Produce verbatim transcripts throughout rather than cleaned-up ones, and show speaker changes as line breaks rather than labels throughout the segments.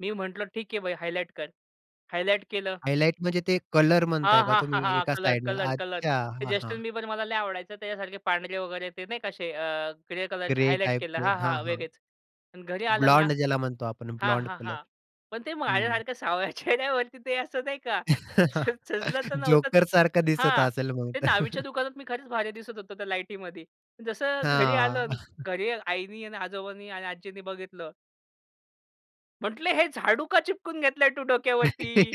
मी म्हंटलो ठीक आहे भाई, हायलाइट कर. हायलाइट केलं.
हायलाइट म्हणजे ते कलर
हां,
म्हणताय का
हां, हां,
तुम्ही
हां.
एका
कलर,
साइडला?
Colour, colour.
अच्छा. हां, हां.
जस्टिन बीबर मला लई आवडायचा. त्याच्यासारखे पांढरे वगैरे ते नाही का असे अ, ग्रे कलरचे
ग्रे
हायलाइट केलं.
टाइपचे.
हां,
हां,
हां.
हां.
वेगळेच. आणि घरी आलो ना.
ब्लॉन्ड ज्याला म्हणतो आपण
हां,
ब्लॉन्ड
हां,
कलर.
हां. पण ते
हं, हं.
माझ्यासारख्या सावळ्या चेहऱ्यावरती ते असं नाही का? सजलं तर नव्हतंच.
जोकरसारखा दिसत
हां.
असेल मग
ते
तर.
न्हावीच्या दुकानात मी खरंच भारी दिसत होतो त्या लाईटीमध्ये. जसं घरी आलो
हां.
आणि घरी आईनी आणि आजोबांनी आणि आजींनी बघितलं. म्हटले, "हे झाडू का चिपकून घेतलंय तू डोक्यावरती?"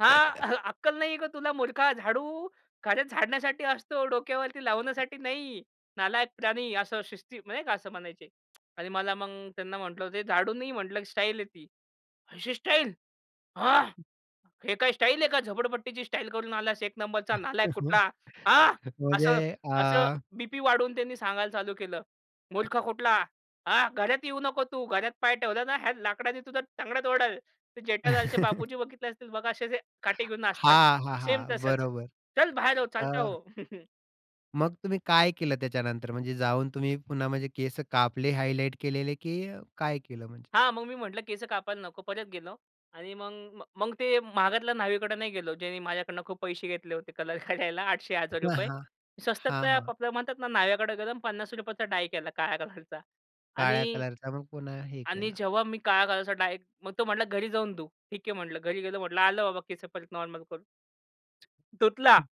हां. "अक्कल नाहीये का तुला मूर्खा? झाडू घरे झाडण्यासाठी असतो डोक्यावरती लावण्यासाठी नाही. नालायक प्राणी," असं शिस्ती मग नाही का असं म्हणायचे. आणि मला मग त्यांना म्हटलं, "ते झाडू नाही म्हटलं, की स्टाईल आहे ती. अशी स्टाईल." हां. "हे काय स्टाईल आहे का? झोपडपट्टीची स्टाईल करून आलास. एक नंबरचा नालायक कुठला." हां.
म्हणजे
असं, असं
अ.
बीपी वाढून त्यांनी सांगायला चालू केलं. "मूर्ख कुठला. हा घरात येऊ नको. तू घरात पाय ठेवला ना, ह्या लाकडाने तुझा तंगड तोडल." तर जेठालालचे बापूजी बघितले असतील बघा असे जे काठी घेऊन नाचतात.
हां, हां,
सेम
हां.
तसंच.
बरोबर.
"चल बाहेर हो, चालता
अ
हो."
मग तुम्ही काय केलं त्याच्यानंतर? म्हणजे जाऊन तुम्ही पुन्हा म्हणजे केस कापले हायलाइट केलेले, की काय केलं म्हणजे?
हां मग मी म्हटलं, "केस कापायला नको." परत गेलो. आणि मग, मग ते महागातल्या न्हावीकडं नाही गेलो ज्यानी माझ्याकडनं खूप पैसे घेतले होते कलर करायला. आठशे हजार
हां,
रुपये.
हां.
मी
हां,
स्वस्तातल्या
हां.
[unintelligible] म्हणतात ना न्हाव्याकडे. गरम पन्नास रुपयेचा डाई केला काळ्या कलरचा.
काळ्या
आणि
कलरचा मग पुन्हा हे
आणि
केला.
जेव्हा मी काळ्या कलरचा डाय मग तो म्हंटला घरी जाऊन धू. ठीक आहे म्हंटलं. घरी गेलो म्हंटलं आलो बाबा केस परत नॉर्मल करून. धुतला.
हं.